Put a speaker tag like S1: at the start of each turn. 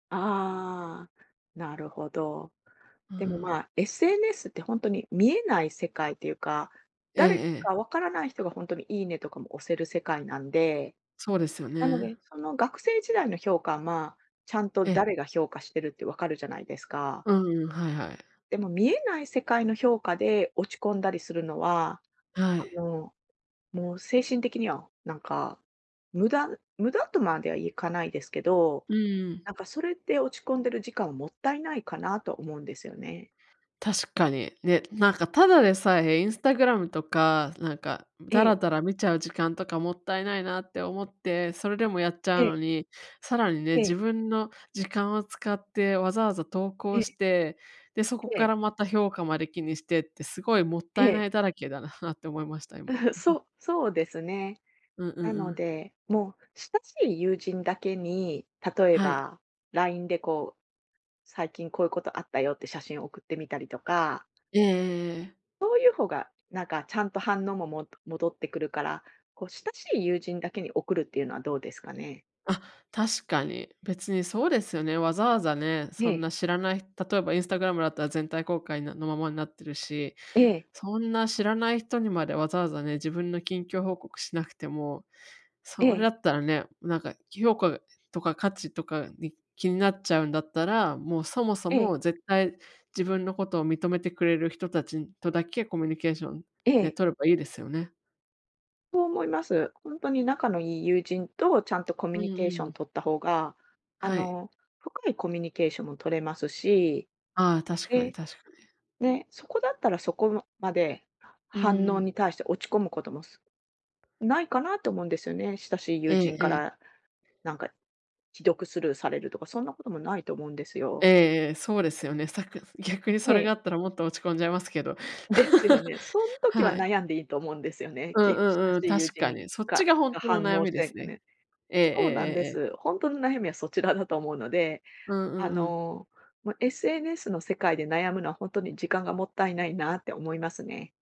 S1: ああ、なるほど。
S2: う
S1: でも、
S2: ん。
S1: まあ、SNS ってほんとに見えない世界っていうか、
S2: ええ
S1: 誰
S2: ええ。
S1: かわからない人がほんとに、「いいね」とかも押せる世界なんで、
S2: そうですよ
S1: なので、
S2: ね。
S1: その学生時代の評価、まあ、ちゃんと
S2: え。
S1: 誰が評価してるってわかるじゃないですか。
S2: うん、はいはい。
S1: でも見えない世界の評価で落ち込んだりするのは、
S2: は
S1: あ
S2: い。
S1: の、もう精神的にはなんか無駄無駄とまではいかないですけど、
S2: うーん。
S1: なんかそれって落ち込んでる時間、もったいないかなと思うんですよね。
S2: 確かに、ね、なんかただでさえ Instagram とか、なんか
S1: え
S2: ダラ
S1: え。
S2: ダラ見ちゃう時間とかもったいないなって思って、それでもやっちゃ
S1: え
S2: う
S1: え。
S2: のに、さらにね、
S1: ええ。
S2: 自分の時間を使ってわざわざ投
S1: え
S2: 稿し
S1: え。
S2: て、で、そこ
S1: え
S2: か
S1: え。
S2: らまた評価まで気にしてってすごいもった
S1: え
S2: い
S1: え。
S2: ないだらけだな、はっ、て思いました、今。
S1: そそうですね。
S2: ううう
S1: なの
S2: ん。
S1: で、もう親しい友人だけに、例え
S2: はい。
S1: ば LINE でこう、「最近こういうことあったよ」って写真送ってみたりとか
S2: ええええええ。
S1: そういう方がなんかちゃんと反応も、も戻ってくるから、こう、親しい友人だけに送るっていうのはどうですかね？
S2: あ、確かに。別にそうですよね、わざわざね、そ
S1: え
S2: ん
S1: え。
S2: な知らない例えば Instagram だったら全体公開なの、ままになってるし、
S1: ええ。
S2: そんな知らない人にまでわざわざね、自分の近況報告しなくても、それだ
S1: ええ。
S2: ったらね、なんか評価とか価値とかに気になっちゃうんだったら、もう、そもそ
S1: え
S2: も
S1: え。
S2: 絶対自分のことを認めてくれる人たちとだけコミュニケーション、
S1: え
S2: ね、
S1: え。
S2: 取ればいいですよね。
S1: そう思います。ほんとに仲のいい友人とちゃんとコ
S2: う
S1: ミュ
S2: ん
S1: ニケー
S2: う
S1: ション
S2: ん。
S1: 取った方が、あ
S2: はい。
S1: の、深いコミュニケーションも取れますし、
S2: ああ、確かに
S1: で、
S2: 確かに。
S1: ね、そこだったらそこのまで
S2: うん
S1: 反
S2: う
S1: 応
S2: ん。
S1: に対して落ち込むことも、すないかなと思うんですよね、親しい友
S2: ええ
S1: 人か
S2: ええ。
S1: らなんか既読スルーされるとかそんなこともないと思うんです
S2: ええ
S1: よ。
S2: ええ、そうですよね。さく逆に
S1: へ
S2: それが
S1: え。
S2: あったらもっと落ち込んじゃいますけど。
S1: ですよ ね。そん時は
S2: はい。
S1: 悩んでいいと思うんですよね、
S2: うん
S1: き
S2: う
S1: 親
S2: ん
S1: し
S2: うん、
S1: い友
S2: 確か
S1: 人
S2: に、そっち
S1: が
S2: がほん
S1: が
S2: との
S1: 反
S2: 悩
S1: 応
S2: み
S1: し
S2: で
S1: て
S2: す
S1: く
S2: ね。
S1: ね。
S2: ええええ
S1: そうなん
S2: え
S1: で
S2: えええ。
S1: す。ほんとの悩みはそちらだと思うので、
S2: うんう
S1: あ
S2: んうん。
S1: の、ま、SNS の世界で悩むのはほんとに時間がもったいないなって思いますね。